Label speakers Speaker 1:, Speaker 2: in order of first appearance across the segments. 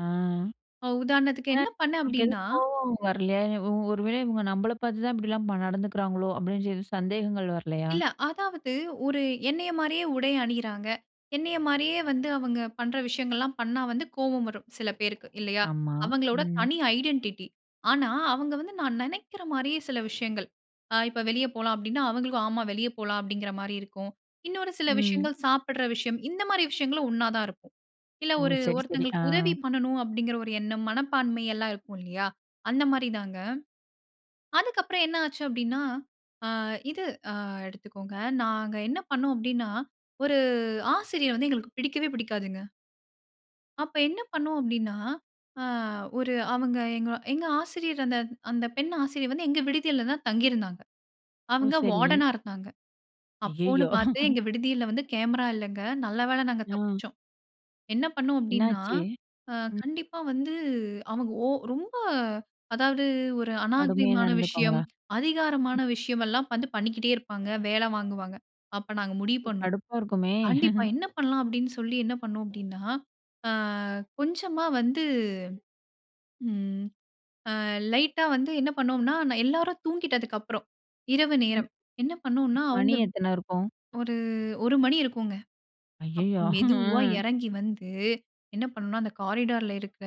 Speaker 1: ஆ.
Speaker 2: ஒ உதாரணத்துக்கு
Speaker 1: அ
Speaker 2: என்ன பண்ணினேன்
Speaker 1: உங்களுக்கு
Speaker 2: அப்டினா?
Speaker 1: எதுவும் கோவம் வரலயா? ஒரு வேள இவங்க நம்மள பார்த்து தான் இப்படிலாம் நடந்துக்கிறாங்களோ? அப்டின்னு எதுவும் சந்தேகங்கள் வரலயா?
Speaker 2: இல்ல அதாவது, ஒரு என்னய மாரியே உடை அணியிறாங்க. என்னய மாரியே வந்து அவங்க பண்ற விஷயங்கள்லாம் பண்ணா வந்து கோபம் வரும் சில பேருக்கு, இல்லயா?
Speaker 1: ஆமா,
Speaker 2: அவங்களோட
Speaker 1: ம்.
Speaker 2: தனி ஐடென்டிட்டி ஆனா அவங்க வந்து நான் நினைக்கிற மாரியே சில விஷயங்கள். இப்ப வெளிய போலாம் அப்டினா, அவங்களுக்கும் ஆமா வெளிய போலாம் அப்டிங்கிற மாரி இருக்கும். இன்னொரு சில
Speaker 1: ம்.
Speaker 2: விஷயங்கள் சாப்பிட்ற விஷயம். இந்த மாரி விஷயங்களும் ஒண்ணா தான் இருக்கும். இல்ல
Speaker 1: ஓ.
Speaker 2: ஒரு
Speaker 1: சரி, சரி. ஆ.
Speaker 2: ஒருத்தவங்களுக்கு உதவி பண்ணணும் அப்டிங்கிற ஒரு எண்ணம் மனப்பான்மை எல்லாம் இருக்கும் இல்லயா? அந்த மாரி தாங்க. அதுக்கப்புறம் என்ன ஆச்சு அப்டினா ஆ இது அ எடுத்துக்கொங்க. நாங்க என்ன பண்னோம் அப்டினா ஒரு ஆசிரியர் வந்து எங்களுக்கு பிடிக்கவே பிடிக்காதுங்க. அப்போஎன்ன பண்ணோம் அப்டின்னா, ஆ ஒரு அவங்க எங்க எங்க ஆசிரியர் அந்த அந்த பெண் ஆசிரியர் வந்து எங்க விடுதியில தான் தங்கியிருந்தாங்க.
Speaker 1: ஓ
Speaker 2: அவங்க
Speaker 1: சரி.
Speaker 2: வார்டனா இருந்தாங்க. அப்போன்னு
Speaker 1: அய்யயோ!
Speaker 2: பார்த்து எங்க விடுதியில வந்து கேமரா இல்லங்க. நல்ல வேள நாங்க
Speaker 1: அம்.
Speaker 2: தப்பிச்சோம். என்ன பண்ணோம் அப்டின்னா,
Speaker 1: என்னாச்சு?
Speaker 2: அ
Speaker 1: ம்.
Speaker 2: கண்டிப்பா வந்து அவங்க ஓ ரொம்ப அதாது, ஒரு
Speaker 1: கடுமையா
Speaker 2: அநாரிகமான விஷயம்,
Speaker 1: நடந்துக்குவாங்ககளா?
Speaker 2: அதிகாரமான விஷயம் எல்லாம் வந்து பண்ணிக்கிட்டே இருப்பாங்க. வேலை வாங்குவாங்க. அப்ப நாங்க முடிவு
Speaker 1: ஓ!
Speaker 2: பண்ணோம்.
Speaker 1: கடுப்பா இருக்குமே.
Speaker 2: கண்டிப்பா என்ன பண்ணலாம்? அப்டினு சொல்லி என்ன பண்ணோம் அப்டினா ஆ கொஞ்சமா வந்து ம். அ லைட்டா வந்து என்ன பண்ணோம்னா எல்லாரும் தூங்கிட்டதற்கு அப்புறம் இரவு நேரம். என்ன பண்ணோம்னா
Speaker 1: மணி
Speaker 2: அவங்க
Speaker 1: எத்தன இருக்கும்?
Speaker 2: ஒரு 1:00 மணி இருக்குங்க. அப்போ
Speaker 1: அய்யயோ!
Speaker 2: மெதுவா இறங்கி வந்து என்ன பண்ணனும்னா அந்த காரிடார்ல இருக்க,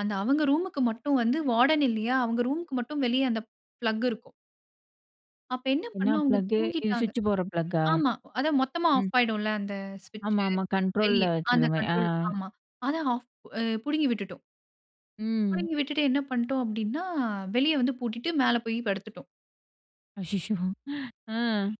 Speaker 2: அந்த அவங்க ரூமுக்கு மட்டும் வந்து வார்டன் இல்லியா? அவங்க ரூம்க்கு மட்டும் வெளிய அந்த ப்ளக் இருக்கும். அப்ப என்ன
Speaker 1: என்ன
Speaker 2: பண்ணோம், அவங்க
Speaker 1: ப்ளக்கு? இது
Speaker 2: தூங்கிட்டாங்க.
Speaker 1: ஸ்விட்ச் போடுற ப்ளக்கா?
Speaker 2: ஆமா அத மொத்தமா
Speaker 1: ம்.
Speaker 2: ஆஃப் ஆயிடும்ல அந்த ஸ்விட்ச்.
Speaker 1: ஆமாமா கண்ட்ரோல்ல
Speaker 2: வெளிய அந்த
Speaker 1: வச்சிருக்கோமே அ.
Speaker 2: கண்ட்ரோல ஆமா. அத ஆஃப் புடுங்கி விட்டுவிட்டோம்.
Speaker 1: ம்.
Speaker 2: புடுங்கி விட்டுவிட்டு என்ன பண்ணிட்டோம் அப்டின்னா, வெளிய வந்து பூட்டிட்டு மேல போய் படுத்துட்டோம்.
Speaker 1: அச்சசோ! ஆ.